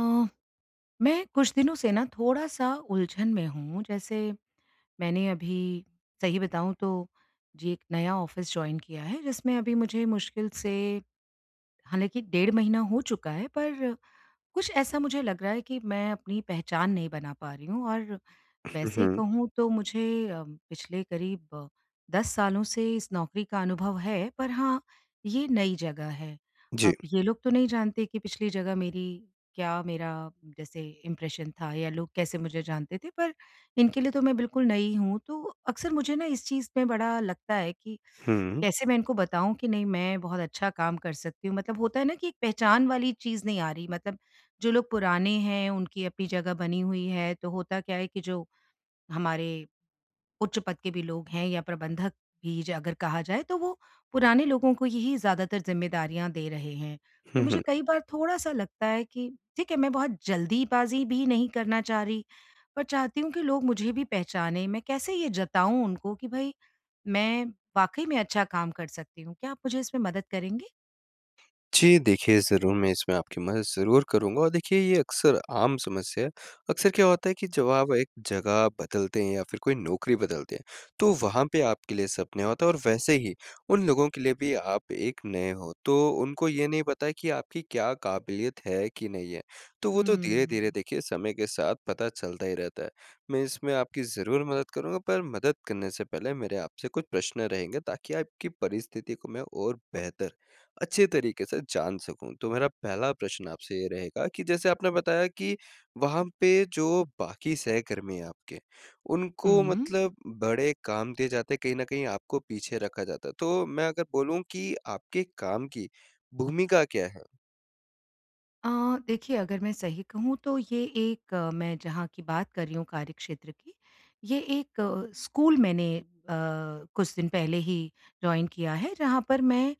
अ, मैं कुछ दिनों से न थोड़ा-सा उलझन में हूँ जैसे मैंने अभी सही बताऊँ तो जी एक नया ऑफिस जॉइन किया है जिसमें अभी मुझे मुश्किल से हालाँकि डेढ़ महीना हो चुका है पर कुछ ऐसा मुझे लग रहा है कि मैं अपनी पहचान नहीं बना पा रही हूँ और हुँ, वैसे हुँ। कहूँ तो मुझे अ, पिछले करीब 10 सालों से इस नौकरी का अनुभव है पर हाँ, ये नई जगह है। जी। अब ये लोग तो नहीं जानते कि पिछली जगह मेरी क्या मेरा जैसे इम्प्रेशन था या लोग कैसे मुझे जानते थे पर इनके लिए तो मैं बिल्कुल नई हूँ तो अक्सर मुझे न इस चीज़ में बड़ा लगता है कि हुँ। कैसे मैं इनको बताऊँ कि नहीं मैं बहुत अच्छा काम कर सकती हूँ। मतलब होता है न कि एक पहचान वाली चीज़ नहीं आ रही मतलब जो लोग पुराने हैं, उनकी अपनी जगह बनी हुई है, तो होता क्या है कि जो हमारे उच्च पद के भी लोग हैं या प्रबंधक भी ज अगर कहा जाए तो वो पुराने लोगों को यही ज़्यादातर ज़िम्मेदारियाँ दे रहे हैं। तो हुँ, मुझे हुँ। कई बार थोड़ा-सा लगता है कि ठीक है मैं बहुत जल्दी बाज़ी भी नहीं करना चाह रही पर चाहती हूँ कि लोग मुझे भी पहचाने, मैं कैसे ये जताऊँ उनको कि भाई मैं वाक़ई में अच्छा काम कर सकती हूँ। क्या आप मुझे इसमें मदद करेंगे? जी देखिए, ज़रूर मैं इसमें आपकी मदद ज़रूर करूँगा और देखिए ये अक्सर आम समस्या है। अक्सर क्या होता है कि जब आप एक जगह बदलते हैं या फिर कोई नौकरी बदलते हैं तो वहाँ पे आपके लिए सब नया होता है और वैसे ही उन लोगों के लिए भी आप एक नए हो तो उनको ये नहीं पता है कि आपकी क्या काबिलियत है कि नहीं है। तो वो तो धीरे-धीरे हुँ। देखिए समय के साथ पता चलता ही रहता है। मैं इसमें आपकी ज़रूर मदद करूँगा पर मदद करने से पहले मेरे आपसे कुछ प्रश्न रहेंगे ताकि आपकी परिस्थिति को मैं और बेहतर अच्छे तरीके से जान सकूँ। तो मेरा पहला प्रश्न आपसे ये रहेगा कि जैसे आपने बताया कि वहाँ पे जो बाकी सहकर्मी हैं आपके उनको हुँ। मतलब बड़े काम दिए जाते हैं कहीं न कहीं आपको पीछे रखा जाता है तो मैं अगर बोलूँ कि आपके काम की भूमिका क्या है? अ, देखिए अगर मैं सही कहूँ तो ये एक मैं जहाँ की बात कर रही हूँ कार्यक्षेत्र की, ये एक स्कूल मैंने अ, कुछ दिन पहले ही जॉइन किया है, जहाँ पर मैं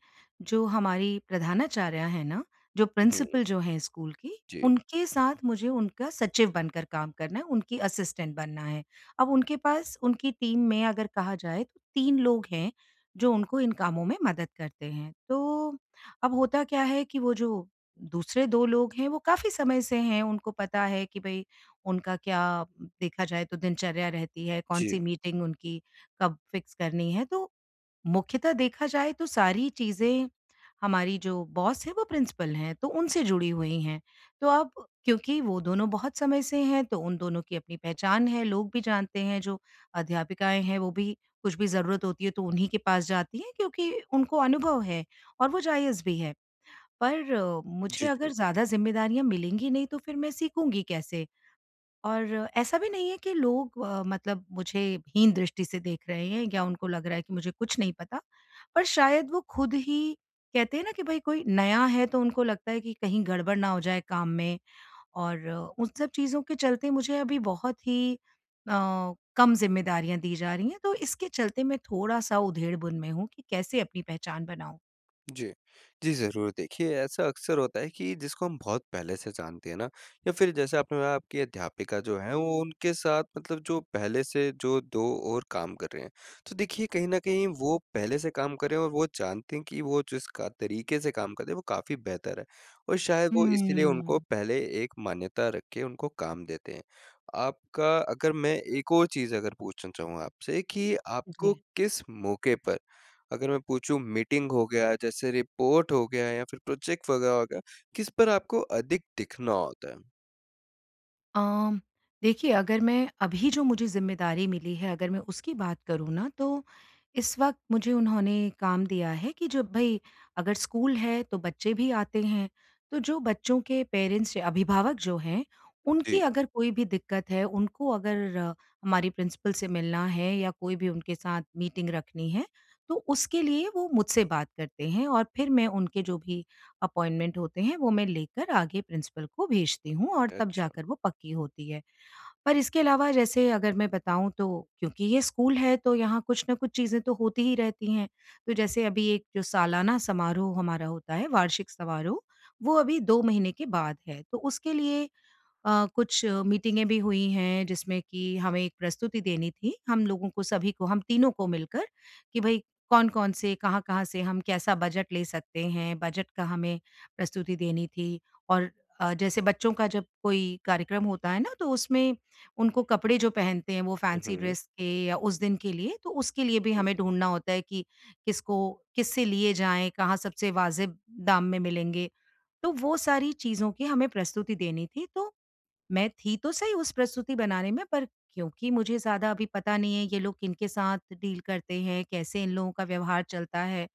जो हमारी प्रधानाचार्या हैं न, जो हुँ, हुँ। प्रिंसिपल जो हैं स्कूल की, जी। उनके साथ मुझे उनका सचिव बनकर काम करना है, उनकी असिस्टेंट बनना है। अब उनके पास उनकी टीम में अगर कहा जाए तो 3 लोग हैं जो उनको इन कामों में मदद करते हैं। तो अब होता क्या है कि वो जो दूसरे 2 लोग हैं वो काफ़ी समय से हैं, उनको पता है कि भई उनका क्या देखा जाए तो दिनचर्या रहती है, जी। कौन-सी मीटिंग उनकी कब फिक्स करनी है तो, मुख्यतः देखा जाए तो सारी चीज़ें हमारी जो बॉस हैं वो प्रिंसिपल हैं, तो उनसे जुड़ी हुई हैं। तो अब क्योंकि वो दोनों बहुत समय से हैं, तो उन दोनों की अपनी पहचान है, लोग भी जानते हैं, जो अध्यापिकाएँ हैं वो भी कुछ भी ज़रूरत होती है तो उन्हीं के पास जाती हैं क्योंकि उनको अनुभव है और वो जायज़ भी है। पर मुझे जी, अगर जी। ज़्यादा ज़िम्मेदारियाँ मिलेंगी नहीं तो फिर मैं सीखूँगी कैसे? और ऐसा भी नहीं है कि लोग अ, मतलब मुझे हीन दृष्टि से देख रहे हैं या उनको लग रहा है कि मुझे कुछ नहीं पता। पर शायद वो खुद ही कहते हैं न कि भई कोई नया है तो उनको लगता है कि कहीं गड़बड़ ना हो जाए काम में और उन सब चीज़ों के चलते मुझे अभी बहुत ही अ, कम ज़िम्मेदारियाँ दी जा रही है। तो इसके चलते मैं थोड़ा-सा उधेड़बुन में हूँ कि कैसे अपनी पहचान बनाऊँ? जी। जी, ज़रूर देखिए ऐसा अक्सर होता है कि जिसको हम बहुत पहले से जानते हैं ना? या फ़िर जैसे आपने बताया आपकी अध्यापिका जो हैं, वो उनके साथ मतलब जो पहले से जो 2 और काम कर रहे हैं। तो देखिए कहीं न कहीं वो पहले से काम कर रहे हैं और वो जानते हैं कि वो जिस क तरीके से काम कर रहे हैं, वो काफ़ी बेहतर है। और शायद वो इसलिए उनको हुँ। पहले एक मान्यता रख के उनको काम देते हैं। आपका अगर मैं एक और चीज़ अगर पूछना चाहूँ आपसे कि आपको जी। किस मौके पर, अगर मैं पूछूँ मीटिंग हो गया, जैसे रिपोर्ट हो गया या फ़िर प्रोजेक्ट वग़ैरह हो गया, किस पर आपको अधिक दिखना होता है? अम देखिए अगर मैं अभी जो मुझे ज़िम्मेदारी मिली है, अगर मैं उसकी बात करूँ ना, तो इस वक़्त मुझे उन्होंने काम दिया है कि जब भाई अगर स्कूल है, तो बच्चे भी आते हैं। तो जो बच्चों के पेरेंट्स या अभिभावक जो हैं, उनकी जी। अगर कोई भी दिक्कत है, उनको अगर हमारी प्रिंसिपल से मिलना है या कोई भी उनके साथ मीटिंग रखनी है, तो उसके लिए वो मुझसे बात करते हैं और फ़िर मैं उनके जो भी अपॉइंटमेंट होते हैं, वो मैं लेकर आगे प्रिंसिपल को भेजती हूँ और तब अच्छा। जाकर वो पक्की होती है। पर इसके अलावा जैसे अगर मैं बताऊँ, तो क्योंकि ये स्कूल है, तो यहाँ कुछ न कुछ चीज़ें तो होती ही रहती हैं। तो जैसे अभी एक सालाना समारोह हमारा होता है, वार्षिक समारोह, वो अभी 2 महीने के बाद है। तो उसके लिए अ, कुछ मीटिंगे भी हुई हैं, जिसमें कि हमें एक प्रस्तुति देनी थी। हम लोगों को, सभी को, हम तीनों को मिलकर कि भई कौन-कौन से कहाँ-कहाँ से हम कैसा बजट ले सकते हैं, बजट का हमें प्रस्तुति देनी थी। और अ, जैसे बच्चों का जब कोई कार्यक्रम होता है ना, तो उसमें उनको कपड़े जो पहनते हैं, वो हुँ, फैंसी हुँ। ड्रेस के या उस दिन के लिए, तो उसके लिए भी जी। हमें ढूँढना होता है कि किसको किससे लिए जाएँ, कहाँ सबसे वाज़िब दाम में मिलेंगे, तो वो सारी चीज़ों की हमें प्रस्तुति देनी थी। तो मैं थी तो सही उस प्रस्तुति बनाने में, पर क्योंकि मुझे ज़्यादा अभी पता नहीं है ये लोग किनके साथ डील करते हैं? कैसे इन लोगों का व्यवहार चलता है?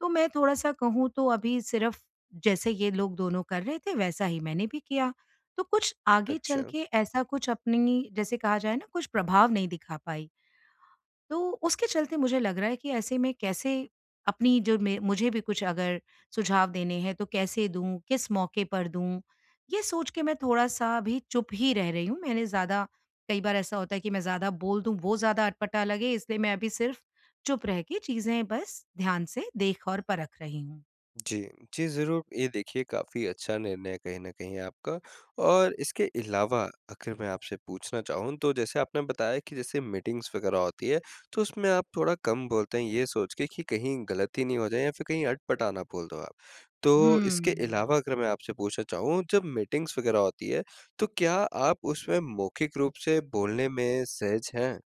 तो मैं थोड़ा-सा कहूँ, तो अभी सिर्फ़ जैसे ये लोग दोनों कर रहे थे, वैसा ही मैंने भी किया। तो कुछ आगे चल अच्छा। के ऐसा कुछ अपनी जैसे कहा जाए ना, कुछ प्रभाव नहीं दिखा पाई। तो उसके चलते मुझे लग रहा है कि ऐसे में, कैसे अपनी जो मैं मुझे भी कुछ अगर सुझाव देने हैं, तो कैसे दूँ, किस मौके पर दूँ? ये सोच के मैं थोड़ा-सा अभी चुप ही रह रही हूँ। मैंने ज़्यादा कई बार ऐसा होता है कि मैं ज़्यादा बोल दूँ, वो ज़्यादा अटपटा लगे, इसलिए मैं अभी सिर्फ़ चुप रह के चीज़ें बस ध्यान से देख और परख रही हूँ। जी। जी, ज़रूर। ये देखिए काफ़ी अच्छा निर्णय है कहीं न कहीं आपका और इसके अलावा आखिर मैं आपसे पूछना चाहूँ तो जैसे आपने बताया कि जैसे मीटिंग्स वग़ैरह होती है। तो उसमें आप थोड़ा कम बोलते हैं ये सोच के कि कहीं गलती नहीं हो जाए या फिर कहीं अटपटा ना बोल दो आप। तो इसके हुँ। अलावा अगर मैं आपसे पूछना चाहूँ जब मीटिंग्स वग़ैरह होती है तो क्या आप उसमें मौखिक रूप से बोलने में सहज हैं?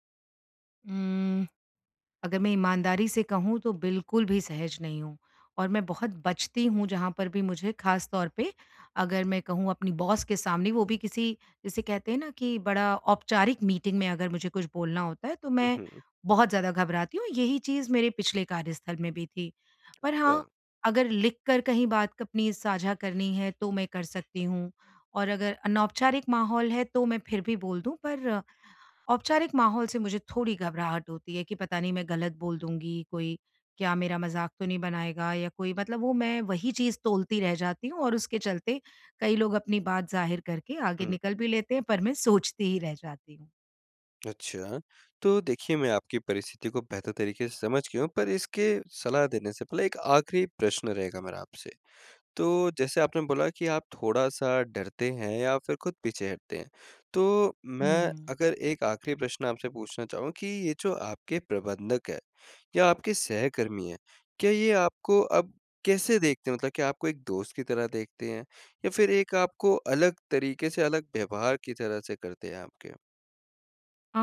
उम, अगर मैं ईमानदारी से कहूँ तो बिल्कुल भी सहज नहीं हूँ। और मैं बहुत बचती हूँ जहाँ पर भी मुझे ख़ासतौर पे अगर मैं कहूँ अपनी बॉस के सामने वो भी किसी जिसे कहते हैं न कि बड़ा औपचारिक मीटिंग में अगर मुझे कुछ बोलना होता है तो हुँ, मैं, हुँ। बहुत ज़्यादा घबराती हूँ यही चीज़ मेरे पिछले कार्यस्थल में भी थी। पर हाँ, अच्छा। अगर लिख कर कहीं बात अपनी साझा करनी है, तो मैं कर सकती हूँ और अगर अनौपचारिक माहौल है तो मैं फिर भी बोल दूँ, पर औपचारिक माहौल से मुझे थोड़ी घबराहट होती है कि पता नहीं मैं गलत बोल दूँगी कोई? क्या मेरा मज़ाक तो नहीं बनाएगा? या कोई मतलब वो मैं वही चीज़ तोलती रह जाती हूँ और उसके चलते कई लोग अपनी बात ज़ाहिर करके आगे हुँ। निकल भी लेते हैं पर मैं सोचती ही रह जाती हूँ। अच्छा। तो देखिए, मैं आपकी परिस्थिति को बेहतर तरीके से समझ गया हूँ। पर इसके सलाह देने से पहले एक आखिरी प्रश्न रहेगा मेरा आपसे। तो जैसे आपने बोला कि आप थोड़ा-सा डरते हैं या फिर खुद पीछे हटते हैं। तो मैं हुँ। अगर एक आखिरी प्रश्न आपसे पूछना चाहूँ कि ये जो आपके प्रबंधक है या आपके सहकर्मी हैं, क्या ये आपको अब कैसे देखते हैं? मतलब क्या आपको एक दोस्त की तरह देखते हैं? या फिर एक आपको अलग तरीके से अलग व्यवहार की तरह से करते हैं आपके? अ,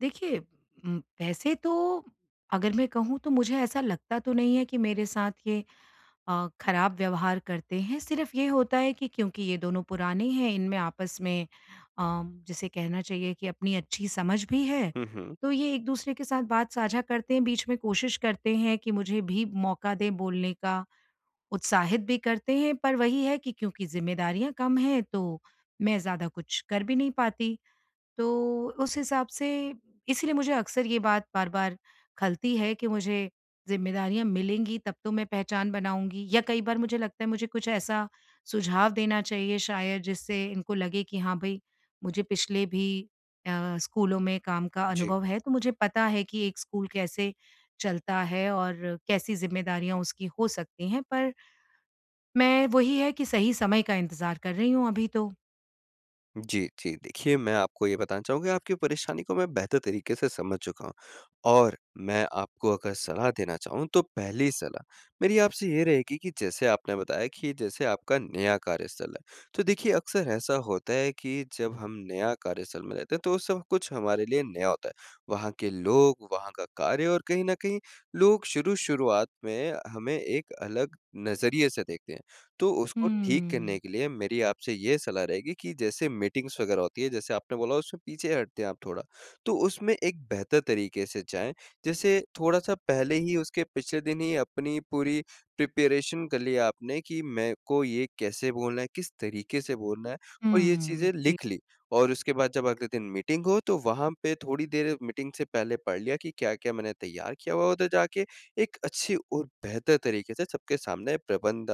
देखिए उम, वैसे तो अगर मैं कहूँ तो मुझे ऐसा लगता तो नहीं है कि मेरे साथ ये अ, खराब व्यवहार करते हैं सिर्फ ये होता है कि क्योंकि ये दोनों पुराने हैं इनमें आपस में अ, जिसे कहना चाहिए कि अपनी अच्छी समझ भी है। हुँ, हुँ। तो ये एक-दूसरे के साथ बात साझा करते हैं बीच में कोशिश करते हैं कि मुझे भी मौका दें बोलने का उत्साहित भी करते हैं पर वही है कि क्योंकि ज़िम्मेदारियाँ कम हैं तो मैं ज़्यादा कुछ कर भी नहीं पाती। तो उस हिसाब से इसीलिए मुझे अक्सर ये बात बार-बार खलती है कि मुझे ज़िम्मेदारियाँ मिलेंगी तब तो मैं पहचान बनाऊँगी या कई बार मुझे लगता है मुझे कुछ ऐसा सुझाव देना चाहिए शायद जिससे इनको लगे कि हाँ, भई मुझे पिछले भी अ, स्कूलों में काम का जी। अनुभव है तो मुझे पता है कि एक स्कूल कैसे चलता है और कैसी ज़िम्मेदारियाँ उसकी हो सकती हैं पर मैं वही है कि सही समय का इंतज़ार कर रही हूँ अभी तो। जी, जी। देखिए मैं आपको ये बताना चाहूँगा आपकी परेशानी को मैं बेहतर तरीके से समझ चूका हूँ और मैं आपको अगर सलाह देना चाहूँ तो पहली सलाह मेरी आपसे ये रहेगी कि, जैसे आपने बताया कि जैसे आपका नया कार्यस्थल है। तो देखिए अक्सर ऐसा होता है कि जब हम नया कार्यस्थल में रहते हैं तो सब कुछ हमारे लिए नया होता है। वहाँ के लोग, वहाँ का कार्य और कहीं न कहीं लोग शुरू शुरुआत में हमें एक अलग नज़रिए से देखते हैं। तो उसको ठीक करने हुँ। के लिए मेरी आपसे ये सलाह रहेगी कि जैसे मीटिंग्स वग़ैरह होती है जैसे, आपने बोला उसमें पीछे हटते हैं आप थोड़ा। तो उसमें एक बेहतर तरीके से जाएँ जैसे थोड़ा-सा पहले ही उसके पिछले दिन ही अपनी पूरी प्रिपरेशन कर ली आपने कि मेरे को ये कैसे बोलना है? किस तरीके से बोलना है? और ये हुँ। चीज़ें जी। लिख ली और उसके बाद जब अगले दिन मीटिंग हो तो वहाँ पे थोड़ी देर मीटिंग से पहले पढ़ लिया कि क्या-क्या मैंने तैयार किया हुआ है? उधर जाके एक अच्छी और बेहतर तरीके से सबके सामने प्रबंध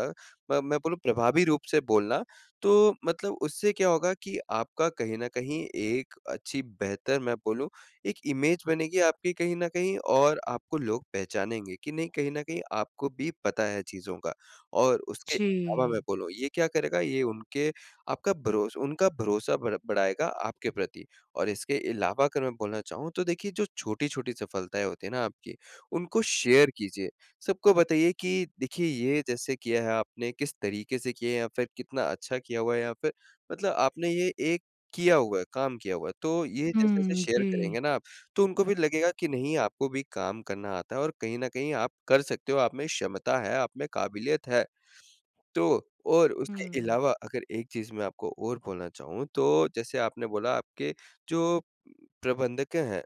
म मैं बोलूँ प्रभावी रूप से बोलना। तो मतलब उससे क्या होगा कि, आपका कहीं न कहीं एक अच्छी बेहतर मैं बोलूँ एक इमेज बनेगी आपकी कहीं न कहीं और आपको लोग पहचानेंगे कि नहीं कहीं न कहीं आपको भी पता है चीज़ों का। और उसके अलावा मैं जी। बोलूँ ये क्या करेगा ये उनके आपका भरोस उनका भरोसा बढ़ बढ़ाएगा आपके प्रति और इसके अलावा अगर मैं बोलना चाहूँ। तो देखिए जो छोटी-छोटी सफलताएँ होती है ना? आपकी उनको शेयर कीजिए। सबको बताइए कि देखिए, ये जैसे किया है आपने किस तरीके से किया है या फ़िर कितना अच्छा किया हुआ है यहाँ पे। मतलब आपने ये एक किया हुआ है काम किया हुआ है, तो ये जैसे-जैसे हुँ, शेयर जी। करेंगे न आप तो उनको भी लगेगा कि, नहीं आपको भी काम करना आता है, और कहीं न कहीं आप कर सकते हो आप में क्षमता है आप में काबिलियत है। तो और उसके हुँ। अलावा अगर एक चीज़ मैं आपको और बोलना चाहूँ तो जैसे आपने बोला आपके जो, प्रबंधक हैं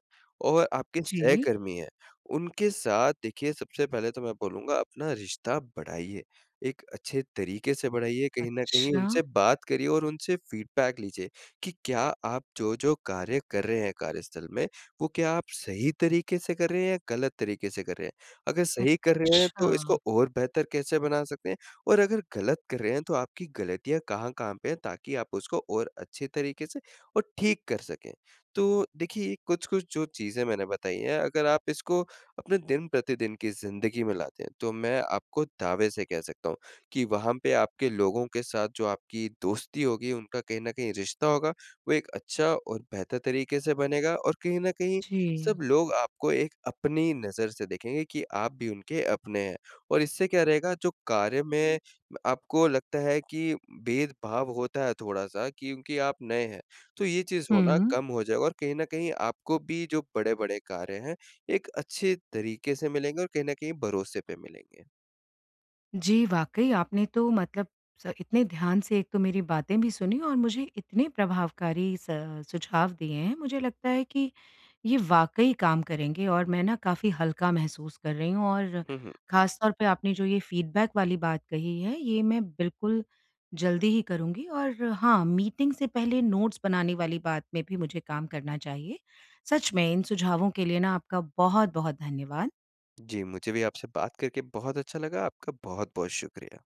और आपके जी। सहकर्मी हैं उनके साथ देखिए सबसे पहले तो मैं बोलूँगा अपना रिश्ता बढ़ाइए, एक अच्छे तरीके से बढ़ाइए कहीं न कहीं अच्छा। उनसे बात करिए, और उनसे फ़ीडबैक लीजिए कि, क्या आप जो-जो कार्य कर रहे हैं कार्यस्थल में वो क्या आप सही तरीके से कर रहे हैं या गलत तरीके से कर रहे हैं? अगर सही कर रहे हैं तो अच्छा। इसको और बेहतर कैसे बना सकते हैं और अगर गलत कर रहे हैं, तो आपकी गलतियाँ कहाँ-कहाँ पे है ताकि आप उसको और अच्छी तरीके से और ठीक कर सकें। तो देखिए ये कुछ-कुछ जो चीज़ें मैंने बताई है अगर आप इसको अपने दिन-प्रतिदिन की ज़िंदगी में लाते हैं। तो मैं आपको दावे से कह सकता हूँ कि, वहाँ पे आपके लोगों के साथ जो आपकी दोस्ती होगी उनका, कहीं न कहीं रिश्ता होगा वो एक अच्छा और बेहतर तरीके से बनेगा और कहीं न कहीं जी। सब लोग आपको एक अपनी नज़र से देखेंगे कि आप भी उनके अपने हैं। और इससे क्या रहेगा जो कार्य में म आपको लगता है कि भेदभाव होता है थोड़ा-सा क्योंकि आप नए हैं। तो ये चीज़ होना हुँ। कम हो जाएगा, और कहीं न कहीं आपको भी जो बड़े-बड़े कार्य हैं, एक अच्छे तरीके से मिलेंगे और कहीं न कहीं भरोसे पे मिलेंगे। जी, वाक़ई आपने तो मतलब स इतने ध्यान से एक तो मेरी बातें भी सुनी और मुझे इतने प्रभावकारी स सुझाव दिए हैं मुझे लगता है कि ये वाक़ई काम करेंगे और मैं न काफ़ी हल्का महसूस कर रही हूँ और हुँ, हुँ। ख़ासतौर पे आपने जो ये फ़ीडबैक वाली बात कही है ये मैं बिल्कुल जल्दी ही करुँगी और हाँ, मीटिंग से पहले नोट्स बनाने वाली बात में भी मुझे काम करना चाहिए। सच में इन सुझावों के लिए न आपका बहुत-बहुत धन्यवाद। जी, मुझे भी आपसे बात करके बहुत अच्छा लगा आपका बहुत-बहुत शुक्रिया।